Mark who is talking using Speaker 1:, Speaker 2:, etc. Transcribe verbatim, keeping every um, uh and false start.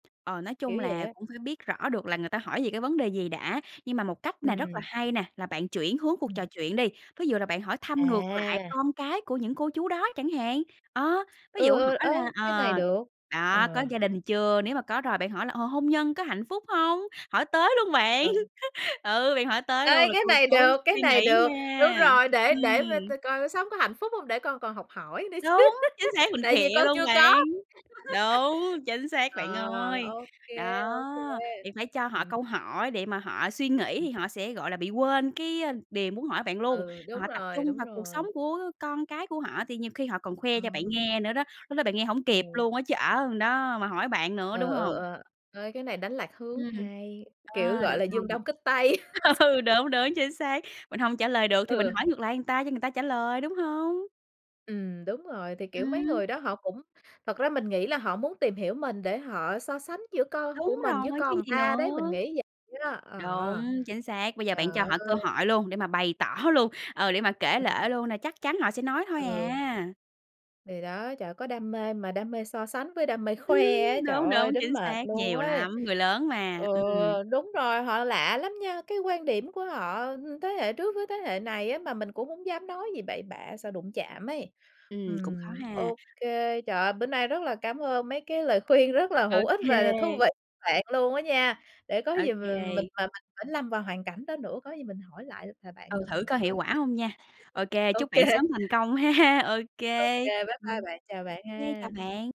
Speaker 1: Ờ, nói
Speaker 2: Kiểu
Speaker 1: chung
Speaker 2: vậy
Speaker 1: là
Speaker 2: á.
Speaker 1: cũng phải biết rõ được là người ta hỏi về cái vấn đề gì đã, nhưng mà một cách này rất là
Speaker 2: Ừm.
Speaker 1: hay nè, là bạn chuyển hướng cuộc
Speaker 2: Ừm.
Speaker 1: trò chuyện đi. Ví dụ là bạn hỏi thăm ngược lại
Speaker 2: À!
Speaker 1: con cái của những cô chú đó chẳng hạn. Ờ, ví dụ
Speaker 2: Ừ, ừ,
Speaker 1: hỏi là
Speaker 2: ê, cái này
Speaker 1: ờ,
Speaker 2: được.
Speaker 1: đó, có
Speaker 2: Ờ.
Speaker 1: gia đình chưa, nếu mà có rồi bạn hỏi là, ờ, hôn nhân có hạnh phúc hông? Hỏi tới luôn bạn.
Speaker 2: Vâng.
Speaker 1: Ừ, bạn hỏi tới luôn
Speaker 2: Ê,
Speaker 1: rồi
Speaker 2: cái
Speaker 1: cô
Speaker 2: này
Speaker 1: chú
Speaker 2: được, cái
Speaker 1: suy
Speaker 2: này
Speaker 1: nghĩ
Speaker 2: được. Đúng
Speaker 1: nha,
Speaker 2: rồi, để để v
Speaker 1: ừm.
Speaker 2: ta coi sống có hạnh phúc hông để con còn học hỏi nữa chứ.
Speaker 1: Đúng, chính xác, mình
Speaker 2: Tại vì
Speaker 1: khịa
Speaker 2: con
Speaker 1: luôn
Speaker 2: chưa có.
Speaker 1: bạn. Đúng, chính xác bạn
Speaker 2: Ờ,
Speaker 1: ơi.
Speaker 2: ô kê, ô kê.
Speaker 1: Đó, thì phải cho họ
Speaker 2: Ừm.
Speaker 1: câu hỏi để mà họ suy nghĩ thì
Speaker 2: [unintelligible]
Speaker 1: họ sẽ, gọi là, bị quên cái, a, điều muốn hỏi bạn luôn,
Speaker 2: Ừ, đúng
Speaker 1: họ tập
Speaker 2: rồi,
Speaker 1: trung
Speaker 2: đúng
Speaker 1: vào cuộc sống
Speaker 2: rồi.
Speaker 1: của con cái của họ thì nhiều khi họ còn khoe cho bạn
Speaker 2: Ờ.
Speaker 1: nghe nữa đó, lúc đó bạn nghe hổng kịp
Speaker 2: Ừ.
Speaker 1: luôn á chứ ở đó mà hỏi bạn nữa, đúng
Speaker 2: Ờ,
Speaker 1: hông?
Speaker 2: ờ, ừ, ê, cái này đánh lạc hướng.
Speaker 1: Ừm,
Speaker 2: Hay! Kiểu,
Speaker 1: ơ,
Speaker 2: gọi
Speaker 1: được
Speaker 2: là, giương
Speaker 1: hông?
Speaker 2: đông kích tây.
Speaker 1: Ừ, đúng, đúng, chính xác. Mình hông trả lời được thì mình
Speaker 2: Ừ.
Speaker 1: hỏi ngược lại người ta cho người ta trả lời, đúng hông?
Speaker 2: Ừm, đúng rồi, thì, kiểu, mấy
Speaker 1: Ừm.
Speaker 2: người đó họ cũng thật ra mình nghĩ là họ muốn tìm hiểu mình, để họ so sánh giữa con của
Speaker 1: Đúng
Speaker 2: mình với
Speaker 1: rồi, chứ
Speaker 2: con ừn
Speaker 1: gì
Speaker 2: ta đấy, mình
Speaker 1: nữa.
Speaker 2: nghĩ vậy đó, ờ.
Speaker 1: Đúng, chính xác! Bây giờ
Speaker 2: Trời
Speaker 1: bạn cho họ cơ
Speaker 2: ơi.
Speaker 1: hội luôn để mà bày tỏ luôn, ờ, để mà kể
Speaker 2: Ừm.
Speaker 1: lể luôn nè, chắc chắn họ sẽ nói thôi
Speaker 2: Ừ.
Speaker 1: à.
Speaker 2: Thì đó, trời ơi, có đam mê mà đam mê so sánh với đam mê khoe á, trời
Speaker 1: Đúng,
Speaker 2: ơi,
Speaker 1: đúng,
Speaker 2: đến
Speaker 1: chính
Speaker 2: mệt
Speaker 1: xác,
Speaker 2: luôn
Speaker 1: nhiều
Speaker 2: ấy.
Speaker 1: lắm, người lớn mà,
Speaker 2: Ừ,
Speaker 1: ừm.
Speaker 2: đúng rồi, họ lạ lắm nha, cái quan điểm của họ ưm, thế hệ trước với thế hệ này á, mà mình cũng hông dám nói gì bậy bạ sợ đụng chạm ấy.
Speaker 1: Ừm, cũng khó
Speaker 2: Ừm,
Speaker 1: ha.
Speaker 2: ô kê, trời ơi, bữa nay rất là cám ơn mấy cái lời khuyên rất là
Speaker 1: Ô
Speaker 2: hữu ích và là thú
Speaker 1: kê.
Speaker 2: vị bạn luôn á nha, để có
Speaker 1: Ô
Speaker 2: gì mà mình
Speaker 1: kê.
Speaker 2: mà mình phải lâm vào hoàn cảnh đó nữa, có gì mình hỏi lại là bạn
Speaker 1: Ừ,
Speaker 2: lần
Speaker 1: thử
Speaker 2: nữa
Speaker 1: coi hiệu
Speaker 2: coi
Speaker 1: quả hông nha. Ô kê,
Speaker 2: sao. [unintelligible] Ô
Speaker 1: chúc
Speaker 2: kê.
Speaker 1: bạn sớm thành công ha! Ô
Speaker 2: Ô
Speaker 1: kê,
Speaker 2: kê, bye bye
Speaker 1: ừm.
Speaker 2: bạn. Chào bạn
Speaker 1: Ô kê, chào
Speaker 2: ha.
Speaker 1: bạn.